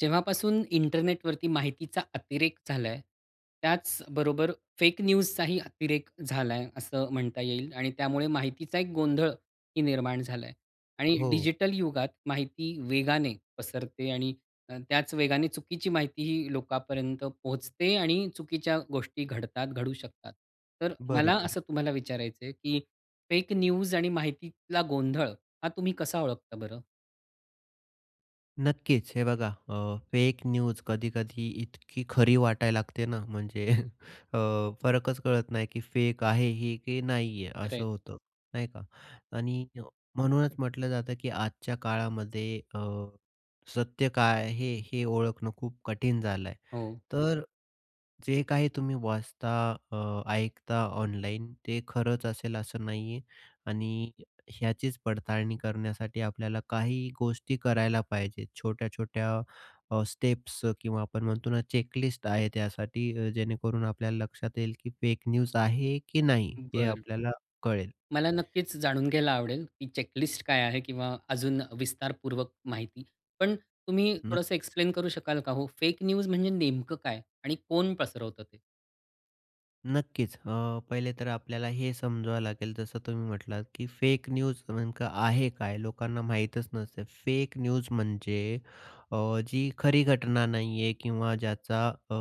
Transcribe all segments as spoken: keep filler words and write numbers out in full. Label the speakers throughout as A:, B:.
A: जेव्हापासून इंटरनेटवरती माहितीचा अतिरेक झालाय, त्याचबरोबर फेक न्यूजचाही अतिरेक झालाय असं म्हणता येईल आणि त्यामुळे माहितीचा एक गोंधळही निर्माण झालाय आणि
B: हो.
A: डिजिटल युगात माहिती वेगाने पसरते आणि अ, त्याच वेगाने चुकीची माहितीही लोकांपर्यंत पोहचते आणि चुकीच्या गोष्टी घडतात, घडू शकतात. तर मला
B: बरोबर.
A: असं तुम्हाला विचारायचंय की फेक न्यूज आणि माहितीतला गोंधळ हा तुम्ही कसा ओळखता बरं?
B: नक्कीच. हे बघा अ, फेक न्यूज कधी-कधी इतकी खरी वाटायला लागते ना, म्हणजे अ, फरकच कळत नाही की फेक आहे ही की नाही आहे? असं
A: खरंय.
B: होतं, नाही का. आणि म्हणूनच म्हटलं जातं की आजच्या काळामध्ये अ, सत्य काय आहे हे, हे ओळखणं खूप कठीण झालं आहे.
A: हो.
B: तर जे काही तुम्ही वाचता अ, ऐकता ऑनलाईन ते खरंच असेल असं नाहीये आणि ह्याचीच पडताळणी करण्यासाठी आपल्याला काही गोष्टी करायला पाहिजेत, छोट्या-छोट्या अ, स्टेप्स किंवा आपण म्हणतो ना चेकलिस्ट आहे त्यासाठी, जेणेकरून आपल्याला लक्षात येईल की फेक न्यूज आहे की नाही हे
A: बरं.
B: आपल्याला कळेल.
A: मला नक्कीच जाणून घ्यायला आवडेल ही चेकलिस्ट काय आहे किंवा अजून विस्तारपूर्वक माहिती, पण तुम्ही थोडंसं
B: नक्कीच.
A: एक्सप्लेन करू शकाल का हो फेक न्यूज म्हणजे नेमकं काय? आणि कोण पसरवत ते?
B: नक्कीच. अ, पहिले तर आपल्याला हे समजवावं लागेल जसं तुम्ही म्हटलात की फेक न्यूज नेमक आहे काय, लोकांना माहीतच नसते फेक न्यूज म्हणजे अ, जी खरी घटना नाही आहे किंवा ज्याचा अ,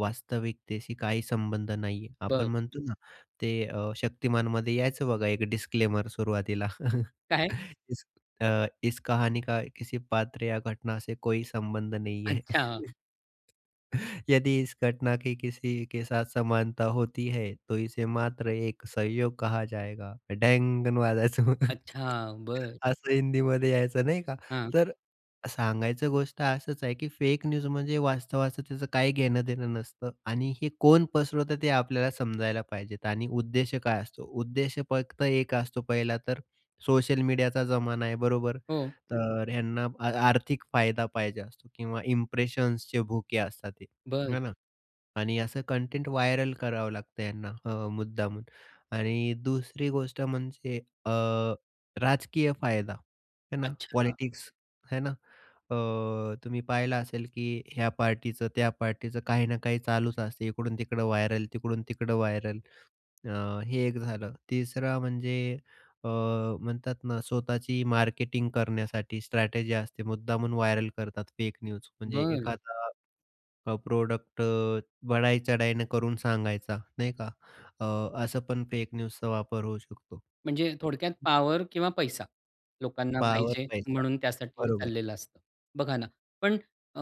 B: वास्तविकतशी काही संबंध नाही आहे. आपण
A: बरं.
B: म्हणतो ना ते अ, शक्तिमानमध्ये यायचं बघा एक डिस्क्लेमर सुरुवातीला
A: काय?
B: इस अ, इस कहानी का किसी पात्र या घटना से कोई संबंध नाही हैं.
A: अच्छा.
B: यदि इस घटना की किसी के साथ समानता होती है, तो इसे मात्र एक संयोग कहाँ जाएगा. डांग कन वाजायचं.
A: अच्छा, बरं.
B: असं हिंदीमध्ये यायचं नाही का.
A: हां.
B: तर सांगायचं गोष्ट असंच आहे की फेक न्यूज म्हणजे वास्तवाचं त्याचं काही घेणं-देणं नसतं आणि हे कोण पसरवतं ते आपल्याला समजायला पाहिजेत आणि उद्देश काय असतो. उद्देश फक्त एक असतो पहिला तर सोशल मीडियाचा जमाना आहे बरोबर?
A: हो.
B: तर ह्यांना आर्थिक फायदा पाहिजे असतो. किंवा इंप्रेशन्सचे भुके असतात हे,
A: बरं.
B: है ना. आणि असं कंटेंट व्हायरल करावं लागतं यांना अ, मुद्दामून आणि दुसरी गोष्ट म्हणजे अ, राजकीय फायदा आहे न
A: अच्छा.
B: पॉलिटिक्स आहे न. अ, तुम्ही पाहिलं असेल की ह्या पार्टीचं त्या पार्टीचं काही ना काही चालूच असते, इकडून-तिकडं व्हायरल, तिकडून-तिकडं व्हायरल. अ, हे एक झालं. तिसरं म्हणजे अ, म्हणतात ना, स्वतःची मार्केटिंग करण्यासाठी स्ट्रॅटेजी असते. मुद्दामून व्हायरल करतात फेक न्यूज म्हणजे
A: बरं.
B: एखादा प्रॉडक्ट अ, बडाई चढाईनं करून सांगायचा, नाही का. अ, असं पण फेक न्यूजचा वापर होऊ शकतो.
A: म्हणजे थोडक्यात
B: [unintelligible]
A: पॉवर किंवा पैसा लोकांना
B: पावर,
A: पाहिजे
B: पैसा.
A: म्हणून त्यासाठी हे
B: बरोबर.
A: चाललेलं असतं. बघा ना, पण अ,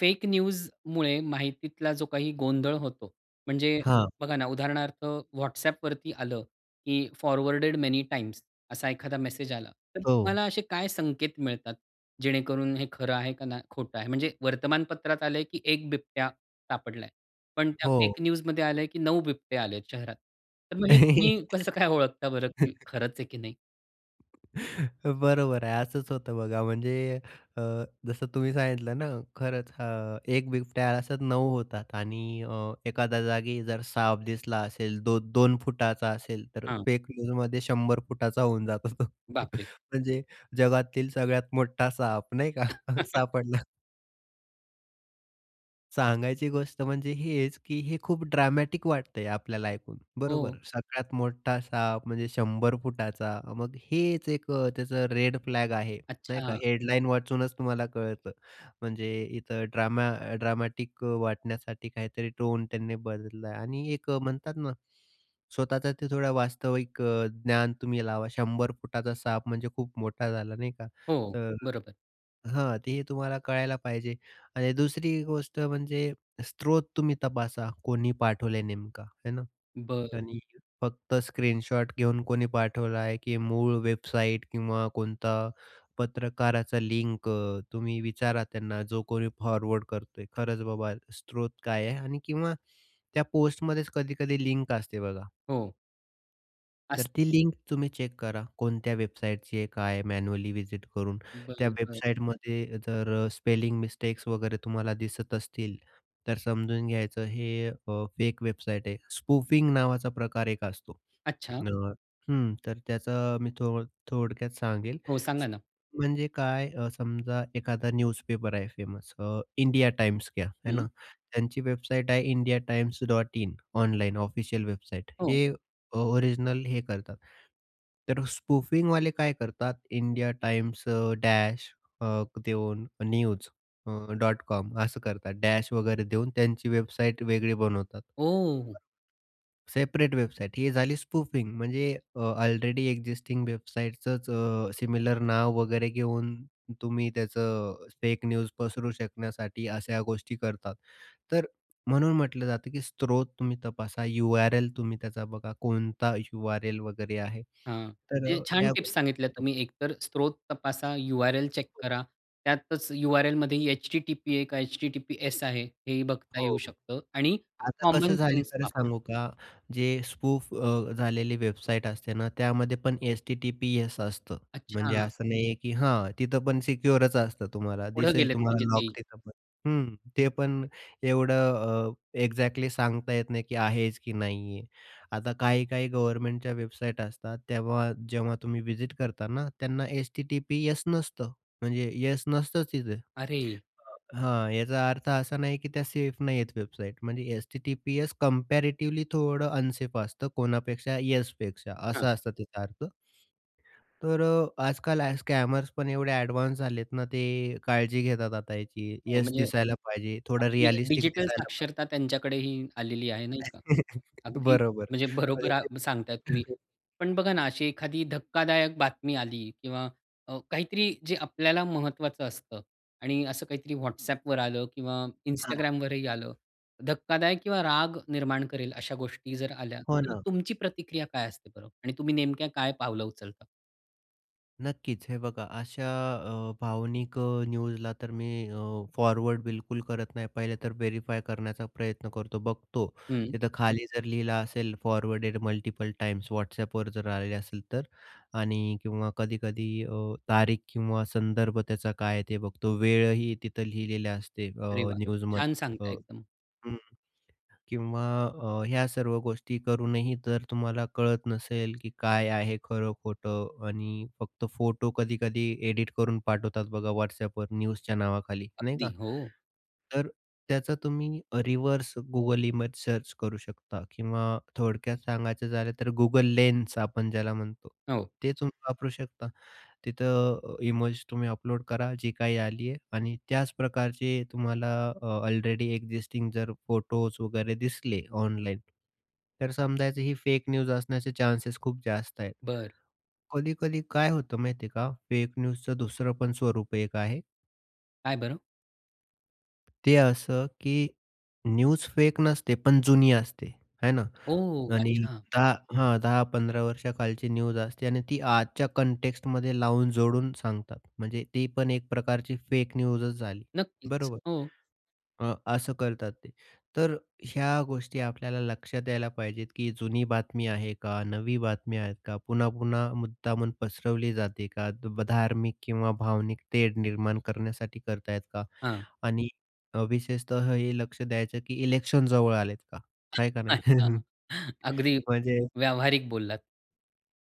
A: फेक न्यूजमुळे माहितीतला जो काही गोंधळ होतो म्हणजे
B: हां.
A: बघा ना, उदाहरणार्थ WhatsApp वरती आलं की फॉरवर्डेड मेनी टाइम्स असा एखादा मेसेज आला, तर
B: हो.
A: तुम्हाला असे काय संकेत मिळतात? जेणेकरून हे खरं आहे का नाही खोटं आहे. म्हणजे वर्तमानपत्रात आलंय की एक बिबट्या सापडलाय. पण त्या
B: हो.
A: फेक न्यूज मध्ये आलंय की नऊ बिबट्या आलेत शहरात. तर मग हे तुम्ही कसं काय ओळखता बरं? की खरंच आहे की नाही?
B: बरोबर आहे, असंच होतं बघा म्हणजे अ, जसं तुम्ही सांगितलं ना खरंच अ, एक बिबट्या अशा नऊ होतात आणि अ, एखाद्या जागी जर साप दिसला असेल दो दोन फुटाचा असेल तर
A: हां.
B: फेक न्यूजमध्ये शंभर फुटाचा होऊन जातो.
A: बापरे!
B: म्हणजे जगातील सगळ्यात मोठा साप नाही का? सापडला. सांगायची गोष्ट म्हणजे हेच, की हे खूप ड्रामॅटिक वाटतंय आपल्याला ऐकून बरोबर?
A: हो.
B: सगळ्यात मोठा साप म्हणजे शंभर फुटाचा मग हेच एक त्याचं रेड फ्लॅग आहे नाही का,
A: अच्छा.
B: हेडलाइन वाचूनच तुम्हाला कळतं. म्हणजे इथं ड्रामा ड्रामॅटिक वाटण्यासाठी काहीतरी टोन त्यांनी बदलला आहे आणि एक म्हणतात ना स्वतःचा ते थोडं वास्तविक ज्ञान तुम्ही लावा. शंभर फुटाचा साप म्हणजे खूप मोठा झाला नाही का.
A: हो,
B: तर
A: बरोबर.
B: हां ते तुम्हाला कळायला पाहिजे आणि दुसरी गोष्ट म्हणजे स्त्रोत तुम्ही तपासा कोणी पाठवला नेमका है ना?
A: बरं.
B: आणि फक्त स्क्रीनशॉट घेऊन कोणी पाठवला आहे, की मूळ वेबसाईट किंवा कोणता पत्रकाराचा लिंक तुम्ही विचारा त्यांना, जो कोणी फॉरवर्ड करतोय. खरंच बाबा स्रोत काय आहे? आणि किंवा त्या पोस्टमध्येच कधी-कधी लिंक असते बघा.
A: हो.
B: तर
A: असते.
B: ती लिंक तुम्ही चेक करा कोणत्या वेबसाईटची आहे काय मॅन्युअली व्हिजिट करून. त्या
A: बरं, बरं.
B: वेबसाईटमध्ये जर स्पेलिंग मिस्टेक्स वगैरे तुम्हाला दिसत असतील, तर समजून घ्यायचं हे अ, फेक वेबसाईट आहे. स्पूफिंग नावाचा प्रकार एक असतो.
A: अच्छा.
B: अ, हं. तर त्याचा मी थो थोडक्यात सांगेल.
A: हो, सांगा
B: स
A: ना?
B: म्हणजे काय अ, समजा एखादा न्यूजपेपर आहे फेमस अ, इंडिया टाइम्स घ्या, है
A: हं.
B: ना. त्यांची वेबसाईट आहे indiatimes.in ऑनलाइन ऑफिशियल वेबसाईट.
A: हो.
B: हे अ, ओरिजिनल हे करतात. तर स्पूफिंगवाले काय करतात, India Times uh, dash uh, देऊन न्यूज अ, डॉट कॉम असं करतात. डॅश वगैरे देऊन त्यांची वेबसाईट वेगळी बनवतात.
A: ओह!
B: सेपरेट वेबसाईट ही झाली स्पूफिंग. म्हणजे अ, ऑलरेडी एक्जिस्टिंग वेबसाईटचंच अ, सिमिलर नाव वगैरे घेऊन तुम्ही त्याचं फेक न्यूज पसरू शकण्यासाठी अशा गोष्टी करतात. तर म्हणून म्हटलं जातं की स्त्रोत तुम्ही तपासा. यू-आर-एल तुम्ही त्याचा बघा, कोणता यू-आर-एल वगैरे आहे
A: हां,
B: तर
A: म्हणजे
B: अ,
A: छान
B: या
A: टिप्स सांगितल्या
B: [unintelligible]
A: तुम्ही एकतर स्रोत तपासा, यु-आर-एल चेक करा. त्यातच यु-आर-एलमध्ये एच-टी-टी-पी आहे का, एच-टी-टी-पी-एस आहे हे ही बघता येऊ
B: हो.
A: शकतं आणि
B: आता
A: कॉमन
B: कसं झालं
A: सेन्स
B: खरं
A: वापरा.
B: सांगू का, जे स्पूफ अ, झालेली वेबसाईट असते ना, त्यामध्ये पण एस-टी-टी-पी-एस असतं.
A: अच्छा.
B: म्हणजे असं नाहीये की हां, तिथं पण सिक्योररच असतं तुम्हाला.
A: पुढे
B: दिसेल
A: गेलेत
B: तुम्हाला
A: म्हणजे
B: लॉक
A: तेही.
B: तिथं पण. हं, ते पण एवढं अ, एक्झॅक्टली सांगता येत नाही की आहेच की नाही आहे? आता काही-काही गव्हर्नमेंटच्या वेबसाईट असतात, तेव्हा जेव्हा तुम्ही विजिट करता ना, त्यांना एस-टी-टी-पी-एस नसतं. म्हणजे येस नसतंच तिथे.
A: अरे!
B: अ, हां, याचा अर्थ असा नाही की त्या सेफ नाहीये वेबसाईट. म्हणजे एस-टी-टी-पी-एस कंपॅरेटिव्हली थोडं अनसेफ असतं कोणापेक्षा, येस पेक्षा
A: हां.
B: असा असतो त्याचा अर्थ. तर अ, आजकाल अ, स्कॅमर्स पण एवढे एडव्हान्स झाले आहेत ना ते काळजी घेतात आता याची,
A: हो,
B: येस
A: म्हणजे
B: दिसायला पाहिजे थोडं
A: अगदी
B: रियलिस्टिक
A: डिजिटल
B: दिसायला पाहिजे.
A: साक्षरता त्यांच्याकडेही आलेली आहे नाही का. अगदी
B: बरोबर
A: म्हणजे बरोबर
B: म्हणजे
A: अ, सांगताय तुम्ही.
B: ते
A: पण बघा ना, अशी एखादी धक्कादायक बातमी आली किंवा अ, काहीतरी जे आपल्याला महत्त्वाचं असतं आणि असं काहीतरी WhatsAppवर आलं किंवा
B: हां.
A: Instagramवरही आलं धक्कादायक किंवा राग निर्माण करेल अशा गोष्टी जर आल्या,
B: हो
A: तर
B: ना.
A: तुमची प्रतिक्रिया काय असते बरं? आणि तुम्ही नेमक्या काय पावलं उचलता?
B: नक्कीच. हे बघा अशा अ, भावनिक अ, न्यूजला तर मी अ, फॉरवर्ड बिलकुल करत नाही. पहिले तर व्हेरिफाय करण्याचा प्रयत्न करतो, बघतो.
A: हं.
B: तिथं खाली जर लिहिला असेल फॉरवर्डेड मल्टिपल टाईम्स, WhatsAppवर जर आलेले असेल तर. आणि किंवा कधी-कधी अ, तारीख किंवा संदर्भ त्याचा काय आहे, ते बघतो. वेळही तिथं लिहिलेले असते
A: अरे
B: अ,
A: वाह! छान
B: न्यूजमध्येच
A: सांगता
B: अ,
A: एकदम.
B: हं. किंवा अ, ह्या सर्व गोष्टी करून ही जर तुम्हाला कळत नसेल, की काय आहे खरं-खोटं आणि फक्त फोटो कधी-कधी एडिट करून पाठवतात बघा WhatsAppवर न्यूजच्या नावाखाली, नाही
A: अगदी,
B: का.
A: हो.
B: तर त्याचा तुम्ही अ, रिव्हर्स Google इमेज सर्च करू शकता किंवा थोडक्यात सांगायचं झालं तर Google लेन्स आपण ज्याला म्हणतो.
A: हो.
B: ते तुम्ही वापरू शकता. तिथं अ, ईमज तुम्ही अपलोड करा, जी काही आली आहे, आणि त्याच प्रकारचे तुम्हाला अ, ऑलरेडी एक्सिस्टिंग जर फोटोज वगैरे दिसले ऑनलाईन, तर समजायचं ही फेक न्यूज असण्याचे चान्सेस खूप जास्त आहेत.
A: बरं.
B: कधी-कधी काय होतं माहिती आहे का? फेक न्यूजचं दुसरं पण स्वरूप एक आहे.
A: काय बरं?
B: ते असं की न्यूज फेक नसते, पण जुनी असते आहे ना
A: ओ
B: आणि
A: अच्छा.
B: दहा हां, दहा-पंधरा वर्षाखालची न्यूज असते आणि ती आजच्या कॉन्टेक्स्टमध्ये लावून, जोडून सांगतात. म्हणजे ती पण एक प्रकारची फेक न्यूजच झाली.
A: नक्कीच.
B: बरोबर.
A: हो.
B: अ, असं करतात ते. तर ह्या गोष्टी आपल्याला लक्षात यायला पाहिजेत, की जुनी बातमी आहे का, नवी बातमी आहेत का, पुन्हा-पुन्हा मुद्दामून पसरवली जाते का, धार्मिक किंवा भावनिक तेढ निर्माण करण्यासाठी करत आहेत का
A: हां.
B: आणि विशेषतः हे लक्ष द्यायचं, की इलेक्शन जवळ आलेत का? आहे का नाही.
A: अगदी,
B: म्हणजे
A: व्यावहारिक बोललात.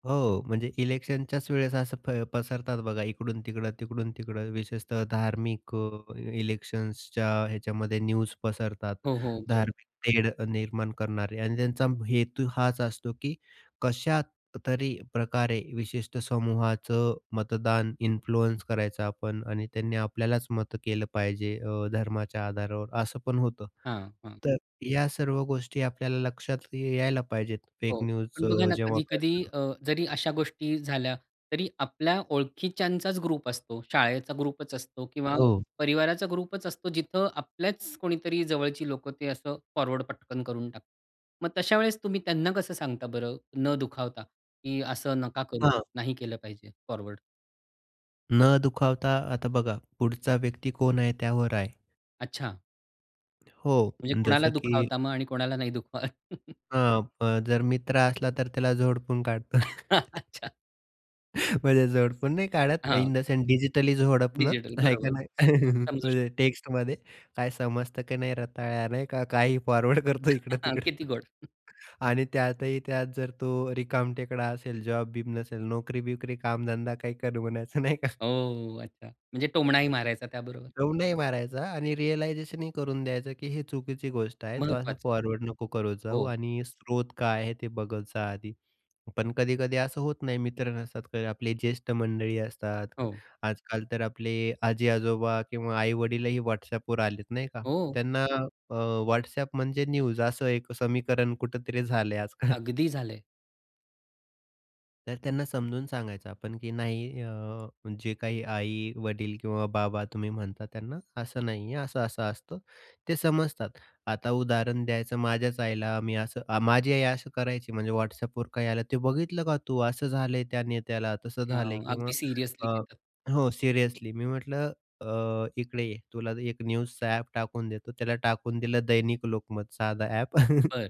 B: हो, म्हणजे इलेक्शनच्याच वेळेस असं फै पसरतात बघा इकडू-तिकडं, तिकडून-तिकडं विशेषतः धार्मिक अ, इलेक्शन्सच्या ह्याच्यामध्ये न्यूज पसरतात
A: हो, हो, बरोबर.
B: धार्मिक तेढ निर्माण करणारे आणि त्यांचा हेतू हाच असतो, की कशातरी प्रकारे विशिष्ट समूहाचं मतदान इन्फ्लुअन्स करायचं आपण आणि त्यांनी आपल्यालाच मतं केलं पाहिजे अ, धर्माच्या आधारावर असं पण होतं.
A: हां, हां.
B: तर या सर्व गोष्टी आपल्याला लक्षात यायला पाहिजेत फेक
A: हो,
B: न्यूज
A: पण बघा
B: अ,
A: ना,
B: जेव्हा.
A: कधी-कधी
B: [unintelligible]
A: अ, जरी अशा गोष्टी झाल्या तरी आपल्या ओळखीच्यांचाच ग्रुप असतो. शाळेचा ग्रुपच असतो किंवा
B: हो.
A: परिवाराचा ग्रुपच असतो. जिथं आपल्याच कोणीतरी जवळची लोकं ते असं फॉरवर्ड पटकन करून टाकतात. मग तशा वेळेस तुम्ही त्यांना कसं सांगता बरं, न दुखावता, की असं नका करू
B: हां.
A: नाही केलं पाहिजे, फॉरवर्ड.
B: न दुखावता आता बघा, पुढचा व्यक्ती कोण आहे त्यावर आहे.
A: अच्छा.
B: हो
A: म्हणजे कुणाला
B: जसं की
A: दुखावता मग? आणि कोणाला नाही दुखवत?
B: हां. प जर मित्र असला तर त्याला झोडपून काढतो.
A: अच्छा.
B: म्हणजे झोडपून नाही काढत.
A: हां.
B: इन द सेंस डिजिटली झोडपण,
A: डिजिटल.
B: आहे का
A: बरोबर.
B: नाही.
A: समजू शकतो.
B: म्हणजे टेक्स्टमध्ये काय समजतं का नाही रताळ्या, नाही का काही फॉरवर्ड करतो
A: किती
B: इकडं-तिकडं.
A: गोड. हं.
B: आणि त्यातही त्यात जर तो रिकामटेकडा असेल, जॉब-बिब नसेल नोकरी-बिकरी, कामधंदा काही कर म्हणायचं नाही का.
A: ओ! अच्छा. म्हणजे टोमणाही मारायचा त्याबरोबर.
B: टोमणाही मारायचा आणि रिअलायझेशनही करून द्यायचं, की हे चुकीची गोष्ट आहे तू असं
A: महत्त्वाचं आहे.
B: फॉरवर्ड नको करत जाऊ.
A: हो.
B: आणि स्रोत काय आहे? ते बघत जा आधी. पण कधी-कधी असं होत नाही. मित्र नसतात किंवा आपले ज्येष्ठ मंडळी असतात.
A: हो.
B: आजकाल तर आपले आजी-आजोबा किंवा आई-वडीलही WhatsAppवर आलेत, नाही का.
A: हो.
B: त्यांना अ, WhatsAppम्हणजे न्यूज असं एक समीकरण कुठेतरी झालं आजकाल.
A: अगदी झाले.
B: तर त्यांना समजून सांगायचं आपण की नाही. अ, जे काही आई-वडील किंवा बाबा तुम्ही म्हणता त्यांना असं नाहीये, असं-असं असतं. ते समजतात. आता उदाहरण द्यायचं माझ्याच आईला मी असं माझी आई असं करायची म्हणजे WhatsAppवर काही आलं, ते बघितलं का तू? असं झालंय त्या नेत्याला, तसं झालं.
A: हं.
B: किंवा
A: अगदी सिरियसली
B: अ
A: घेतात.
B: हो. सीरियसली मी म्हटलं, अ, इकडे ये तुला एक न्यूजचा अ‍ॅप टाकून देतो. त्याला टाकून दिलं दैनिक लोकमत साधा अ‍ॅप.
A: बरं.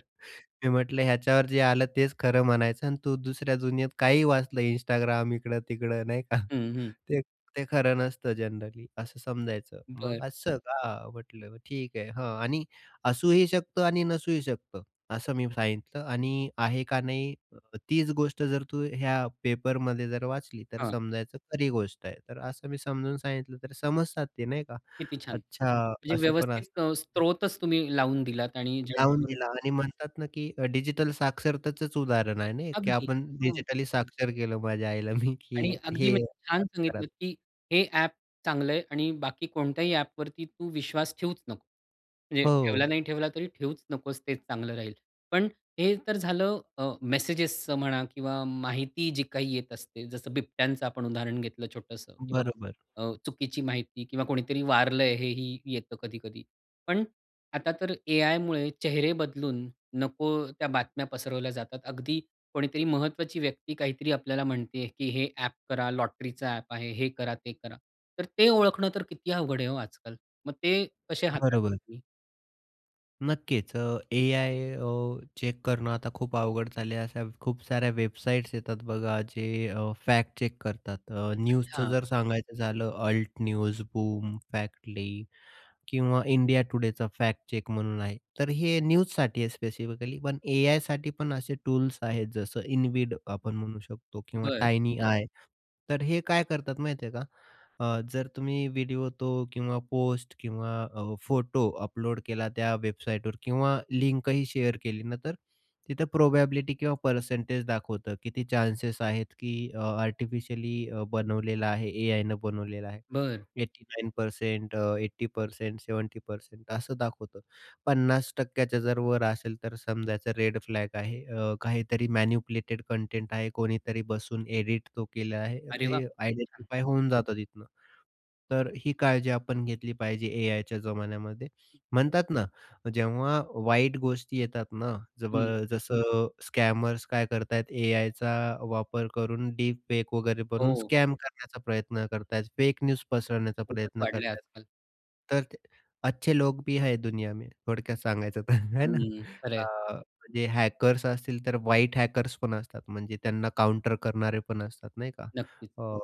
B: मी म्हटलं ह्याच्यावर जे आलं तेच खरं म्हणायचं आणि तू दुसऱ्या दुनियेत काहीही वाचलं Instagram इकडं-तिकडं नाही का
A: हं, हं.
B: ते ते खरं नसतं जनरली, असं समजायचं मग.
A: बरं.
B: असं का? म्हटलं ठीक आहे. हं, आणि असूही शकतं आणि नसूही शकतं, असं मी सांगितलं. आणि आहे का नाही, तीच गोष्ट जर तू ह्या पेपरमध्ये जर वाचली तर
A: हां.
B: समजायचं खरी गोष्ट आहे. तर असं मी समजून सांगितलं, तर समजतात ते नाही का.
A: किती छान.
B: अच्छा
A: म्हणजे
B: असं पण
A: व्यवस्थित
B: असतं.
A: अ, स्त्रोतच तुम्ही लावून दिलात आणि
B: लावून
A: जेणेकरून
B: दिला आणि म्हणतात ना, की डिजिटल साक्षरतेचंच उदाहरण आहे ना, हे की
A: अगदी.
B: आपण
A: हो.
B: डिजिटली साक्षर केलं माझ्या आईला मी,
A: आणि
B: की
A: अगदी
B: हे
A: म्हणजे छान
B: असं करा.
A: सांगितलंत, की हे अ‍ॅप चांगलंय आणि बाकी कोणत्याही अ‍ॅपवरती तू विश्वास ठेवूच नकोस. म्हणजे ठेवला,
B: हो.
A: नाही ठेवला तरी ठेवूच नकोस, तेच चांगलं राहील. पण हे तर झालं अ, मेसेजेसचं म्हणा किंवा माहिती जी काही येत असते, जसं बिबट्यांचं आपण उदाहरण घेतलं छोटंसं. किंवा
B: बरोबर.
A: अ, चुकीची माहिती किंवा कोणीतरी वारलंय, हे ही येतं कधी-कधी. पण आता तर एआयमुळे चेहरे बदलून नको त्या बातम्या पसरवल्या जातात. अगदी कोणीतरी महत्त्वाची व्यक्ती काहीतरी आपल्याला म्हणतीये, की हे अ‍ॅप करा. लॉटरीचा अ‍ॅप आहे. हे करा, ते करा. तर ते ओळखणं तर किती अवघड आहे हो आजकाल. मग ते कसे हाताळतात
B: बरोबर.
A: तुम्ही?
B: नक्कीच अ, AI अ, चेक करणं आता खूप अवघड झाले आहे. अशा खूप साऱ्या वेबसाईट्स येतात बघा जे अ, फॅक्ट चेक करतात. अ, न्यूजचं
A: अच्छा.
B: जर सांगायचं झालं Alt News, Boom, Factly, किंवा इंडिया टुडेचा फॅक्ट चेक म्हणून आहे, तर हे न्यूजसाठी आहे स्पेसिफिकली. पण AIसाठी पण असे टूल्स आहेत जसं InVid, आपण म्हणू शकतो किंवा
A: बरं.
B: Tiiny AI, तर हे काय करतात माहिती आहे का? अ, जर तुम्ही व्हिडिओ तो, किंवा पोस्ट, किंवा अ, फोटो अपलोड केला, त्या वेबसाईटवर किंवा लिंकही शेअर केली ना, तर तिथं प्रोबॅबिलिटी किंवा परसेंटेज दाखवतं. किती चान्सेस आहेत की अ, आर्टिफिशियली अ, बनवलेला आहे AIनं बनवलेला आहे.
A: बरं.
B: एटी नाइन पर्सेंट, अ, एटी पर्सेंट, सेवेंटी पर्सेंट असं दाखवतं. पन्नास टक्क्याच्या जर वर असेल तर समजायचं रेड फ्लॅग आहे. अ, काहीतरी मॅनिपुलेटेड कंटेंट आहे कोणीतरी बसून एडिट तो केला आहे,
A: अरे वाह!
B: ते
A: खुप छान.
B: आयडेंटिफाय होऊन जातं तिथनं. तर अ, ही काळजी आपण घेतली पाहिजे AIच्या जमान्यामध्ये, म्हणतात ना जेव्हा वाईट गोष्टी येतात ना जब
A: हं.
B: जसं स्कॅमर्स काय करतायेत, AIचा वापर करून डीप फेक वगैरे बनून
A: हो.
B: स्कॅम करण्याचा प्रयत्न करतायेत. फेक न्यूज पसरवण्याचा
A: खूपच
B: प्रयत्न
A: वाढल आहे
B: करतात.
A: आजकाल.
B: तर ते "अच्छे लोग भी है दुनिया में" थोडक्यात सांगायचं तर है ना.
A: हं. खरं आहे.
B: अ, जे हॅकर्स असतील तर व्हाइट हॅकर्स पण असतात, म्हणजे त्यांना काउंटर करणारे पण असतात नाही का.
A: नक्कीच.
B: अ,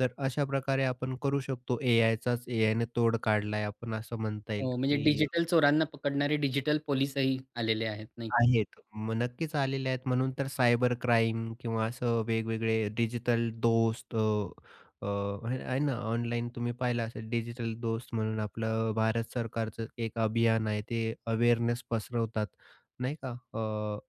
B: तर अशाप्रकारे आपण करू शकतो AIचाच, AIनं तोड काढला आहे आपण असं म्हणता येईल,
A: हो. म्हणजे
B: की
A: डिजिटल चोरांना पकडणारे, डिजिटल पोलीसही आलेले आहेत, नाही का?
B: आहेत म नक्कीच आलेले आहेत म्हणून तर सायबर क्राईम, किंवा असं वेगवेगळे डिजिटल दोस्त अ, अ, हे आहे ना, ऑनलाईन तुम्ही पाहिलं असेल डिजिटल दोस्त म्हणून आपलं भारत सरकारचं एक अभियान आहे, ते अवेअरनेस पसरवतात नाही का? अ,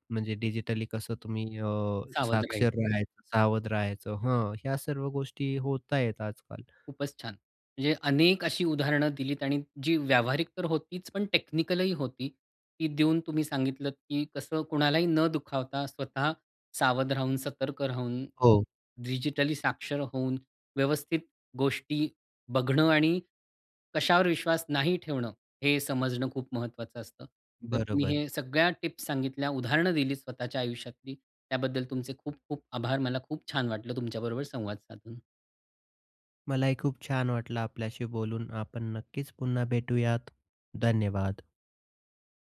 B: म्हणजे डिजिटली कसं तुम्ही अ,
A: सावध राहायचं.
B: साक्षर राहायचं सावध राहायचं, हं ह्या सर्व गोष्टी होत आहेत आजकाल.
A: खूपच छान. म्हणजे अनेक अशी उदाहरणं दिलीत आणि जी व्यावहारिक तर होतीच, पण टेक्निकल ही होती. ती देऊन तुम्ही सांगितलत की कसं कोणालाही न दुखावता स्वतः सावध राहून, सतर्क राहून अ,
B: हो.
A: डिजिटली साक्षर होऊन, व्यवस्थित गोष्टी बघणं ,आणि कशावर विश्वास नाही ठेवणं, हे समजणं खूप महत्वाचं असतं. तर तुम्ही
B: बरोबर.
A: हे सगळ्या टिप्स सांगितल्या उदाहरणं दिलीत स्वतःच्या आयुष्यातली. त्याबद्दल तुमचे खूप-खूप आभार. मला खूप छान वाटलं तुमच्याबरोबर संवाद साधून.
B: मलाही खूप छान वाटलं आपल्याशी बोलून. आपण नक्कीच पुन्हा भेटूयात, धन्यवाद.